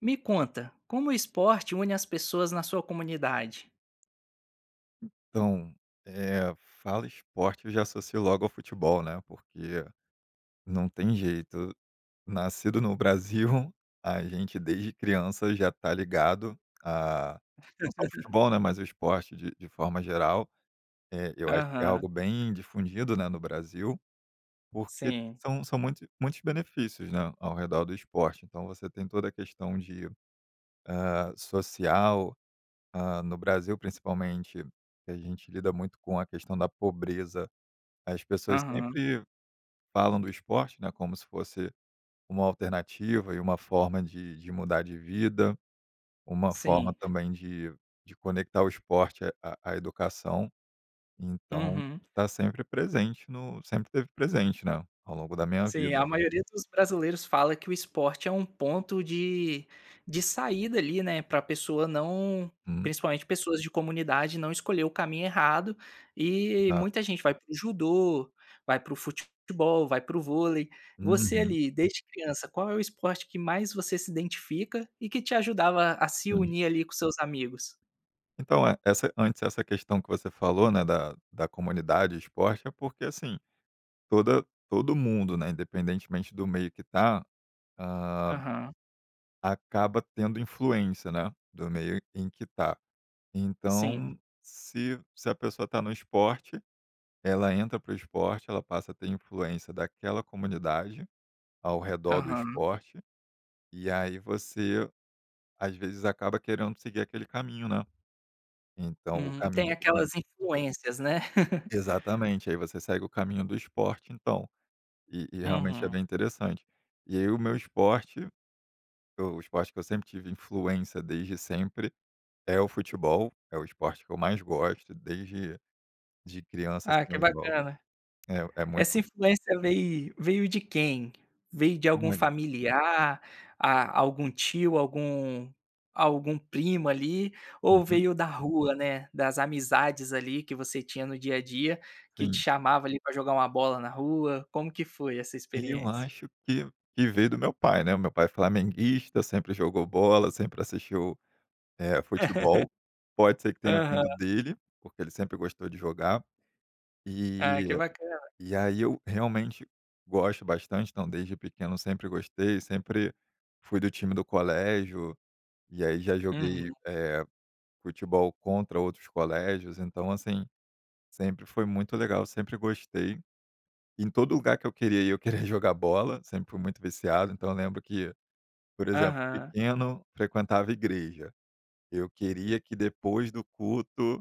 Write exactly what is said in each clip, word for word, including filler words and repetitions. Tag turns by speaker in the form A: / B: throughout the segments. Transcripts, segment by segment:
A: Me conta, como o esporte une as pessoas na sua comunidade?
B: Então, eh, fala "esporte" eu já associo logo ao futebol, né, porque não tem jeito, nascido no Brasil a gente desde criança já tá ligado a não só o futebol né, mas o esporte de de forma geral, eh, eu acho que é
A: Aham.
B: algo bem difundido né, no Brasil, porque
A: Sim.
B: são são muitos muitos benefícios, né, ao redor do esporte. Então você tem toda a questão de eh, social, ah, no Brasil principalmente, que a gente lida muito com a questão da pobreza, as pessoas
A: Aham.
B: sempre falam do esporte, né, como se fosse uma alternativa e uma forma de de mudar de vida, uma forma
A: Sim.
B: também de de conectar o esporte à à à educação. Então
A: Uhum.
B: tá sempre presente no sempre esteve presente, né, ao longo da minha
A: Sim,
B: vida.
A: a maioria dos brasileiros fala que o esporte é um ponto de de saída ali, né, pra pessoa não
B: Hum.
A: principalmente pessoas de comunidade não escolher o caminho errado, e
B: É.
A: muita gente vai para o judô, vai para o fute futebol, vai para o vôlei. Você
B: Uhum.
A: ali, desde criança, qual é o esporte que mais você se identifica e que te ajudava a se
B: Sim.
A: unir ali com seus amigos?
B: Então, e essa antes, essa questão que você falou, né, da da comunidade e esporte, é porque, assim, toda todo mundo, né, independentemente do meio que tá, ah
A: Aham.
B: acaba tendo influência, né, do meio em q em que tá.
A: Sim.
B: Então se se a pessoa tá no esporte, ela entra para o esporte, ela passa a ter influência daquela comunidade, ao redor do
A: Aham.
B: esporte, e aí você, às vezes, acaba querendo seguir aquele caminho, né, então o
A: Uhum. Tem
B: caminho [unintelligible]
A: aquelas influências, né.
B: Exatamente. Aí você segue o caminho do esporte. Então e e realmente é
A: Uhum.
B: bem interessante. E aí o meu esporte eu o esporte que eu sempre tive influência desde sempre, é o futebol, é o esporte que eu mais gosto, desde de criança, assim,
A: Ah, que
B: eu jogo.
A: bacana.
B: É, é
A: Essa
B: muito
A: influência vei veio de quem? Veio de algum
B: Olha
A: familiar, a algum tio, algum algum primo ali, ou
B: Uhum.
A: veio da rua, né, das amizades ali que você tinha no dia a dia que te
B: Sim.
A: chamava ali pra jogar uma bola na rua, como que foi essa
B: Eu
A: experiência?
B: acho que que veio do meu pai, né, o meu pai é flamenguista, sempre jogou bola, sempre assistiu, eh, futebol. Pode ser que tenha
A: Aham.
B: vindo dele, porque ele sempre gostou de jogar,
A: Ah,
B: e
A: que bacana.
B: e aí eu realmente gosto bastante, então desde pequeno eu sempre gostei, sempre fui do time do colégio, e aí já joguei,
A: Uhum.
B: eh, futebol contra outros colégios, então assim, sempre foi muito legal, sempre gostei. Em todo lugar que eu queria ir eu queria jogar bola, sempre fui muito viciado. Então eu lembro que, por exemplo,
A: Aham.
B: pequeno frequentava igreja, eu queria que depois do culto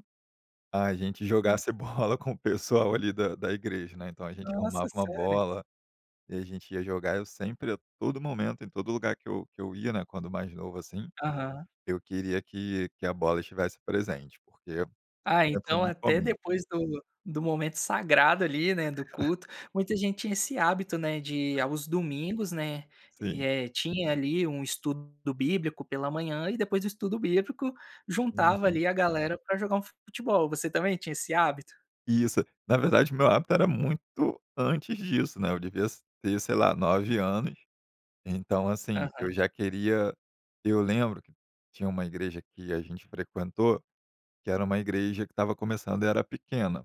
B: a gente
A: Hum.
B: jogasse bola com o pessoal ali da da igreja, né, então a gente arrumava
A: Nossa,
B: uma
A: sério?
B: bola e a gente ia jogar. Eu sempre a todo momento, em todo lugar que eu que eu ia, né, quando mais novo, assim,
A: Aham.
B: eu queria que que a bola estivesse presente, porque
A: Ah,
B: sempre fui
A: então
B: muito
A: até
B: fominha.
A: depois do do momento sagrado ali, né, do culto, muita gente tinha esse hábito, né, de
B: Hã.
A: aos domingos né,
B: Sim.
A: eh, tinha ali um estudo bíblico pela manhã e depois do estudo bíblico, juntava
B: Uhum.
A: ali a galera pra jogar um futebol. Você também tinha esse hábito?
B: Isso. Na verdade, o meu hábito era muito antes disso, né, eu devia s ter, sei lá, nove anos. Então, assim,
A: Aham.
B: eu já queria eu lembro que tinha uma igreja que a gente frequentou, que era uma igreja que estava começando e era pequena.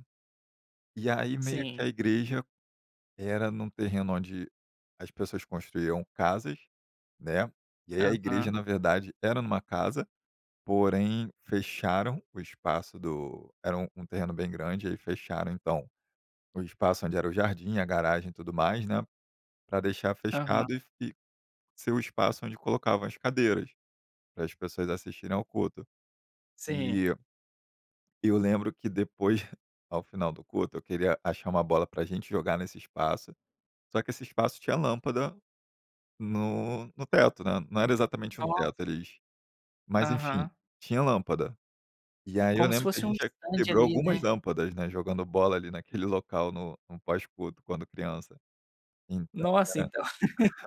B: E aí meio que a
A: Sim.
B: igreja era num terreno onde as pessoas construíam casas, né, e aí a igreja,
A: Aham.
B: na verdade, era numa casa, porém fecharam o espaço do era um um terreno bem grande, aí fecharam então o espaço onde era o jardim e a garagem e tudo mais. né, pra deixar
A: Aham.
B: fechado e f e ser o espaço onde colocavam as cadeiras, para as pessoas assistirem ao culto.
A: Sim.
B: E eu lembro que depois, ao final do culto, eu queria achar uma bola pra gente jogar nesse espaço, só que esse espaço tinha lâmpada no no teto, né. Não era exatamente um
A: Nossa!
B: teto, eles mas, enfim,
A: Aham.
B: tinha lâmpada. E aí eu
A: Como se
B: lembro que a
A: fosse um
B: gente já
A: estande
B: quebrou
A: ali,
B: algumas
A: né?
B: lâmpadas, né, jogando bola ali naquele local no no pós culto quando criança. Então
A: Nossa!
B: era
A: Então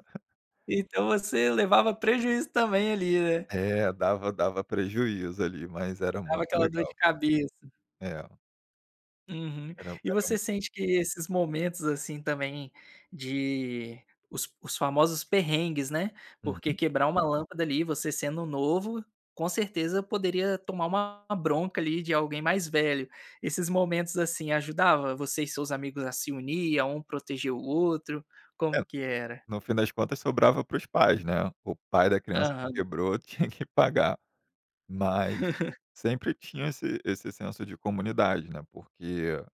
A: então você levava prejuízo também ali, né.
B: É, dava dava prejuízo ali, mas era
A: Dava
B: muito
A: aquela dor
B: legal.
A: de cabeça.
B: É.
A: Uhum.
B: Eram
A: E
B: eram
A: você sente que esses momentos, assim, também, de os os famosos perrengues, né, porque
B: Uhum.
A: quebrar uma lâmpada ali, você sendo novo, com certeza, poderia tomar uma bronca ali de alguém mais velho. Esses momentos, assim, ajudava você e seus amigos a se unir, a um proteger o outro?
B: É,
A: Como que era?
B: no fim das contas, sobrava para os pais, né. O pai da criança que
A: Aham.
B: quebrou tinha que pagar. Mas sempre tinha esse esse senso de comunidade, né, porque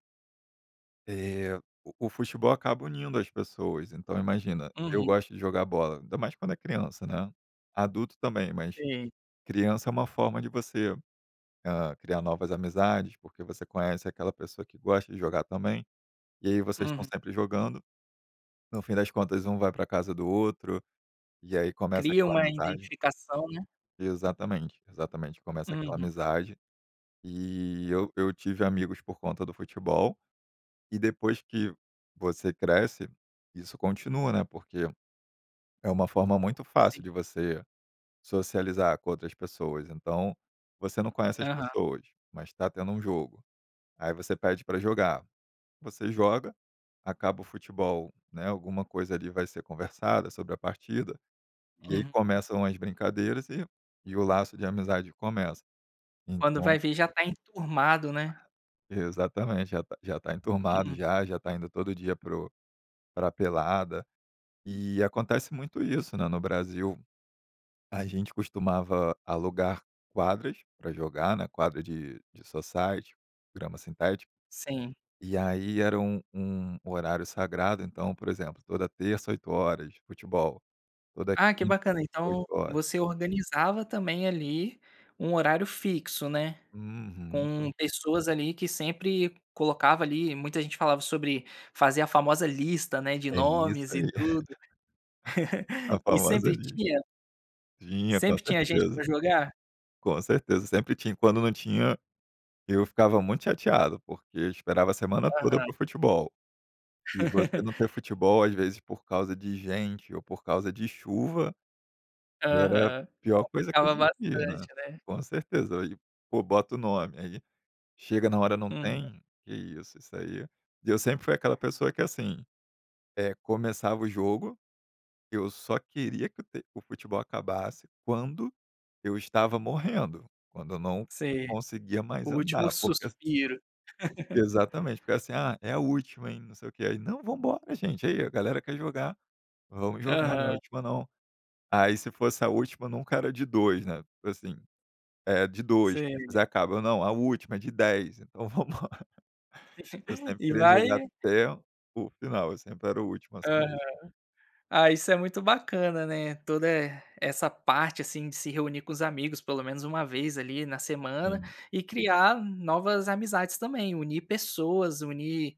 B: eh, o o futebol acaba unindo as pessoas. Então, imagina: eu
A: Uhum.
B: gosto de jogar bola, ainda mais quando é criança, né, adulto também, mas
A: Sim.
B: criança é uma forma de você, eh, criar novas amizades, porque você conhece aquela pessoa que gosta de jogar também, e aí vocês estão
A: Uhum.
B: sempre jogando. No fim das contas, um vai pra casa do outro e, aí, começa
A: Cria
B: aquela
A: uma
B: amizade.
A: identificação, né.
B: Exatamente, exatamente, começa aquela
A: Uhum.
B: amizade. E eu eu tive amigos por conta do futebol e, depois que você cresce, isso continua, né, porque é uma forma muito fácil
A: Sim.
B: de você socializar com outras pessoas. Então, você não conhece as
A: Aham.
B: pessoas, mas tá tendo um jogo, aí você pede pra jogar, você joga, acaba o futebol, né, alguma coisa, ali, vai ser conversada sobre a partida e, aí,
A: Uhum.
B: começam as brincadeiras e e o laço de amizade começa.
A: Quando
B: Então
A: vai ver, já tá enturmado né.
B: Exatamente, já tá já tá enturmado,
A: Hum.
B: já, já tá indo todo dia para o para a pelada. E acontece muito isso, né, no Brasil. A gente costumava alugar quadras pra jogar, né, quadra de de society, grama sintética,
A: Sim.
B: e aí era um um horário sagrado. Então, por exemplo, toda terça, oito horas, futebol, toda
A: Ah, que
B: quinta,
A: bacana.
B: oito
A: Então,
B: horas.
A: você organizava, também, ali, um horário fixo, né.
B: Uhum.
A: Com pessoas ali que sempre colocava ali muita gente falava sobre fazer a famosa lista, né, de
B: É isso
A: nomes e
B: aí.
A: tudo.
B: A
A: E
B: famosa
A: sempre
B: lis
A: tinha?
B: tinha, com
A: Sempre tinha gente
B: certeza.
A: pra jogar?
B: Com certeza, sempre tinha, e, quando não tinha, eu ficava muito chateado, porque eu esperava a semana toda
A: Aham.
B: para o futebol. E você não ter futebol, às vezes, por causa de gente ou por causa de chuva, era a
A: Aham,
B: pior coisa que
A: complicava
B: existia, né,
A: bastante né.
B: com certeza. E, pô, bota o nome aí, chega na hora, não
A: Hum.
B: tem, que isso, isso aí E eu sempre fui aquela pessoa que, assim, eh, começava o jogo, eu só queria que o ter o futebol acabasse quando eu estava morrendo, quando eu não
A: Sei.
B: conseguia
A: O
B: mais
A: último
B: andar. Porque as
A: suspiro.
B: Exatamente, porque, assim: "Ah, é a última, hein, não sei o que". E aí: "Não, vamos embora, gente! Aí, a galera quer jogar, vamos jogar, não é a
A: Aham.
B: última não". Aí, se fosse a última, nunca era de dois, né, tipo assim, é, de dois, quem
A: Sei.
B: fizer acaba. Eu: "Não, a última, é de dez" "Então, vamos embora". Eu sempre
A: E
B: queria
A: vai
B: jogar até o final, eu sempre era o último a
A: Aham.
B: [unintelligible]
A: Ah, isso é muito bacana, né. Toda, eh, essa parte, assim, de se reunir com os amigos pelo menos uma vez ali na semana
B: Sim.
A: e criar novas amizades, também, unir pessoas, unir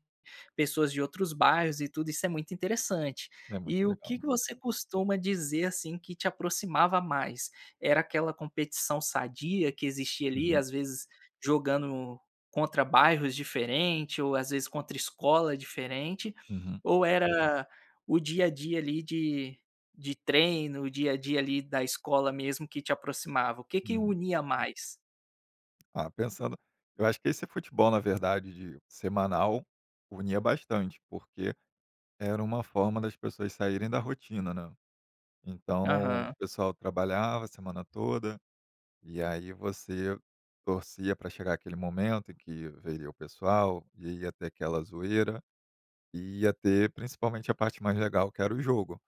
A: pessoas de outros bairros e tudo, isso é muito interessante.
B: É muito
A: E o que
B: legal.
A: que você costuma dizer, assim, que te aproximava mais? Era aquela competição sadia que existia ali,
B: Uhum.
A: às vezes, jogando contra bairros diferentes ou, às vezes, contra escolas diferentes?
B: Uhum.
A: Ou era o dia a dia ali de de treino, o dia a dia ali da escola mesmo que te aproximava? O que que
B: Hum.
A: unia mais?
B: Ah, pensando eu acho que esse futebol, na verdade, de de semanal, unia bastante, porque era uma forma das pessoas saírem da rotina, né. Então o
A: Aham.
B: pessoal trabalhava a semana toda e aí você torcia pra chegar aquele momento em que veria o pessoal e ia ter aquela zoeira e ia ter principalmente a parte mais legal que era o jogo.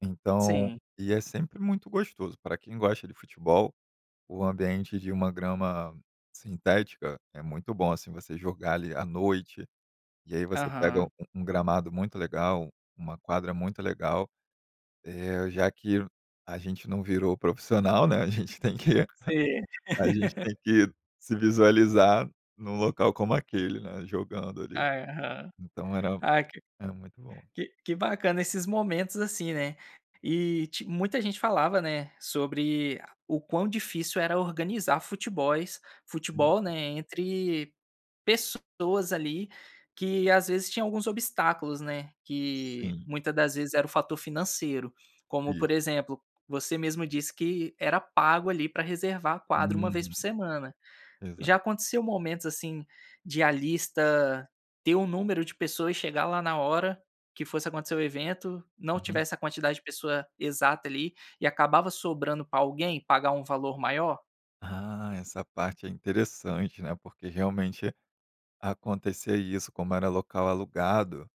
B: Então
A: Sim.
B: e é sempre muito gostoso, pra quem gosta de futebol, o ambiente de uma grama sintética é muito bom, assim, você jogar ali, à noite, e aí você pega um
A: Aham.
B: um gramado muito legal, uma quadra muito legal, eh, já que a gente não virou profissional, né, a gente tem que
A: Sei.
B: a gente tem que se visualizar num local como aquele, né, jogando ali.
A: Aham.
B: Então, era
A: Ai que
B: era muito bom.
A: que que bacana esses momentos, assim, né. E te muita gente falava, né, sobre o quão difícil era organizar futebóis
B: Sim.
A: futebol, né, entre pessoas ali que, às vezes, tinham alguns obstáculos, né, que
B: Sim.
A: muita das vezes era o fator financeiro, como
B: Isso.
A: por exemplo, você mesmo disse, que era pago ali pra reservar a quadra uma vez
B: Uhum.
A: por semana. Já
B: Exato.
A: aconteceu momentos, assim, de a lista ter o número de pessoas e chegar lá na hora que fosse acontecer o evento, não
B: Uhum.
A: tivesse a quantidade de pessoa exata ali e acabava sobrando pra alguém pagar um valor maior?
B: Ah, essa parte é interessante, né, porque, realmente, acontecia isso, como era local alugado,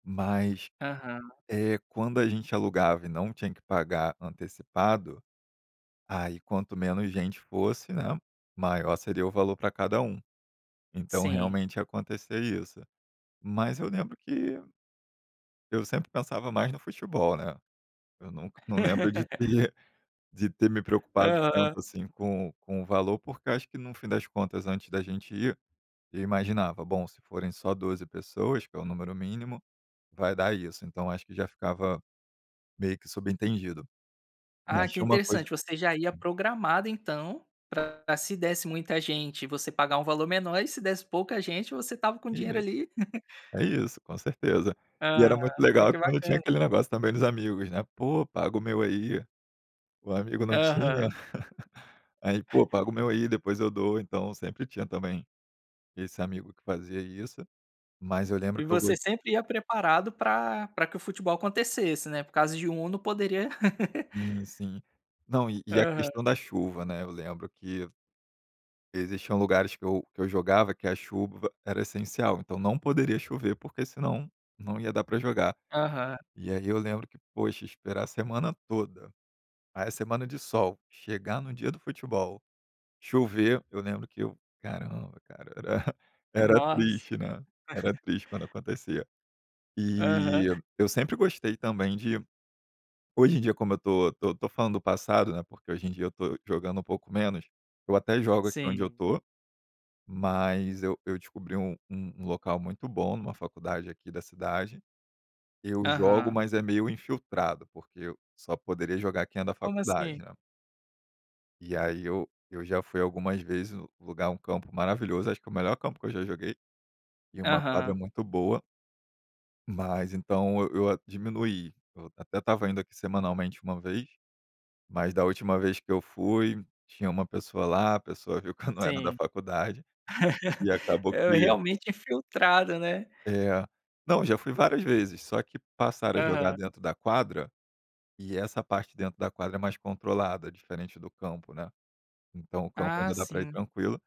B: mas,
A: Aham.
B: eh, quando a gente alugava e não tinha que pagar antecipado, aí quanto menos gente fosse, né, maior seria o valor pra cada um. Então
A: Sim.
B: realmente ia acontecer isso. Mas eu lembro que eu sempre pensava mais no futebol, né. Eu nunca não lembro de ter de ter me preocupado
A: Aham.
B: tanto, assim, com o com o valor, porque acho que, no fim das contas antes da gente ir, eu imaginava: bom se forem só doze pessoas, que é o número mínimo, vai dar isso. Então, acho que já ficava meio que subentendido.
A: Ah,
B: Mas
A: que
B: tinha uma coisa
A: interessante, você já ia programado, então, pra, se desse muita gente, você pagar um valor menor, e se desse pouca gente, você estava com
B: É
A: dinheiro
B: isso.
A: ali
B: É isso, com certeza. E
A: Aham.
B: era muito
A: Ai,
B: legal
A: que
B: quando tinha
A: bacana.
B: aquele negócio também dos amigos né: "Pô, paga o meu aí". O amigo não tinha,
A: Aham.
B: aí: "Pô, paga o meu aí, depois eu dou". Então, sempre tinha também esse amigo que fazia isso. Mas eu lembro
A: E
B: que eu go
A: você sempre ia preparado pra pra que o futebol acontecesse, né, por causa de um não poderia
B: Sim, sim. Não e e a
A: Aham.
B: questão da chuva, né, eu lembro que existiam lugares que eu que eu jogava que a chuva era essencial. Então, não poderia chover, porque senão não ia dar pra jogar.
A: Aham.
B: E aí eu lembro que, poxa, esperar a semana toda, aí a semana de sol, chegar no dia do futebol, chover. Eu lembro que eu: "Caramba, cara". Era era
A: Nossa!
B: triste, né, era triste quando acontecia.
A: Aham.
B: E eu sempre gostei também de hoje em dia, como eu tô tô tô falando do passado, né, porque hoje em dia eu tô jogando um pouco menos. Eu até jogo aqui onde eu
A: Sim.
B: tô, mas eu eu descobri um um um local muito bom numa faculdade aqui da cidade. Eu jogo,
A: Aham.
B: mas é meio infiltrado, porque eu só poderia jogar quem é da
A: Como
B: faculdade,
A: assim?
B: né. E aí eu eu já fui algumas vezes, o lugar é um campo maravilhoso, acho que é o melhor campo que eu já joguei. E uma quadra
A: Aham.
B: muito boa. Mas, então eu eu diminuí. Eu até estava indo aqui semanalmente uma vez, mas da última vez que eu fui, tinha uma pessoa lá, a pessoa viu que eu não era da
A: Sim.
B: faculdade e acabou
A: É,
B: que
A: realmente, infiltrado, né.
B: É. Não, já fui várias vezes só que passaram a jogar
A: Aham.
B: dentro da quadra e essa parte de dentro da quadra é mais controlada, diferente do campo, né. Então o campo
A: Ah,
B: ainda dá pra ir
A: sim.
B: tranquilo,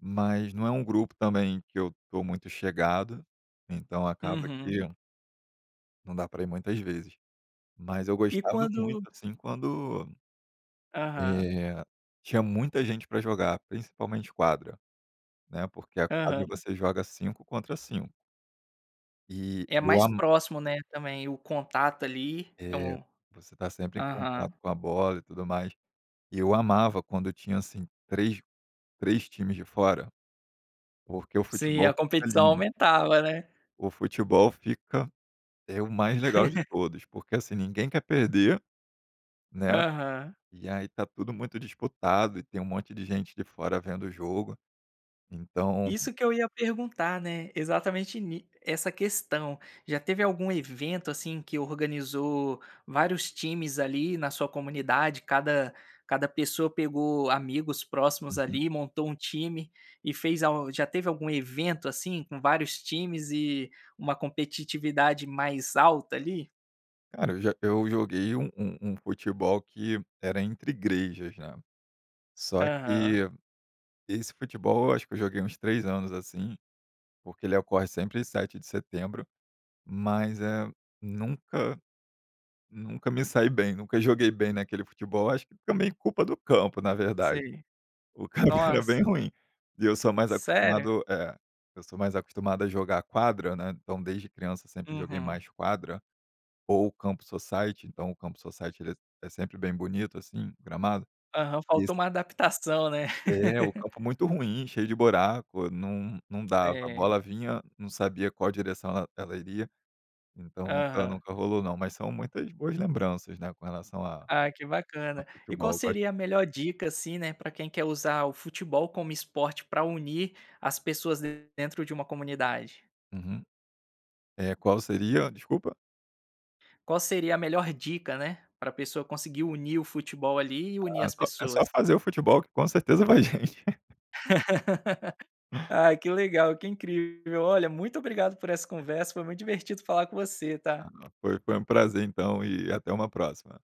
B: mas não é um grupo também que eu tô muito chegado, então acaba que
A: Uhum.
B: não dá pra ir muitas vezes. Mas eu
A: E
B: gostava muito,
A: quando
B: assim, quando,
A: Aham.
B: eh, tinha muita gente pra jogar, principalmente quadra, né, porque a quadra
A: Aham.
B: você joga cinco contra cinco. E
A: É
B: eu
A: mais
B: amo
A: próximo, né, também o contato ali, é
B: É,
A: um
B: você tá sempre em
A: aham.
B: contato com a bola e tudo mais. E eu amava quando eu tinha, assim, três três times de fora, porque o
A: Sim,
B: futebol
A: a
B: fica
A: competição
B: lindo.
A: aumentava, né.
B: O futebol fica é o mais legal de todos, porque assim, ninguém quer perder, né,
A: Aham.
B: e aí tá tudo muito disputado e tem um monte de gente de fora vendo o jogo, então
A: Isso que eu ia perguntar, né, exatamente ni essa questão. Já teve algum evento, assim, que organizou vários times, ali, na sua comunidade, cada cada pessoa pegou amigos próximos,
B: Uhum.
A: ali, e montou um time e fez al já teve algum evento, assim, com vários times e uma competitividade mais alta, ali?
B: Cara, eu já eu joguei um um um futebol que era entre igrejas, já. Só
A: Aham.
B: que esse futebol, eu acho que eu joguei uns três anos, assim, porque ele ocorre sempre sete de setembro, mas, eh, nunca nunca me saí bem, nunca joguei bem naquele futebol, eu acho que também por culpa do campo, na verdade.
A: Sei.
B: O campo é bem
A: Nossa!
B: ruim, e eu sou mais
A: Sério?
B: acostumado é, eu sou mais acostumado a jogar quadra, né, então desde criança sempre joguei
A: Uhum.
B: mais quadra, ou o campo society, então o campo society, ele é é sempre bem bonito assim, o gramado,
A: Aham.
B: e ass
A: Faltou uma adaptação, né.
B: É, o campo é muito ruim, cheio de buraco, não não dava, a
A: É.
B: bola vinha, não sabia qual a direção ela ela iria, então nunca
A: Aham.
B: nunca rolou não, mas são muitas boas lembranças, né, com relação a
A: Ah, que
B: a
A: bacana. E
B: futebol.
A: qual
B: Eu gos
A: seria a melhor dica, assim, né, pra quem quer usar o futebol como esporte pra unir as pessoas den dentro de uma comunidade?
B: Uhum. Eh, qual seria? Desculpa.
A: Qual seria a melhor dica, né, pra pessoa conseguir unir o futebol ali, e unir
B: Ah,
A: as
B: só é só
A: pessoas?
B: fazer o futebol que com certeza vai gente.
A: Ai, que legal, que incrível. Olha, muito obrigado por essa conversa, foi muito divertido falar com você, tá.
B: Foi foi um prazer então, e até uma próxima.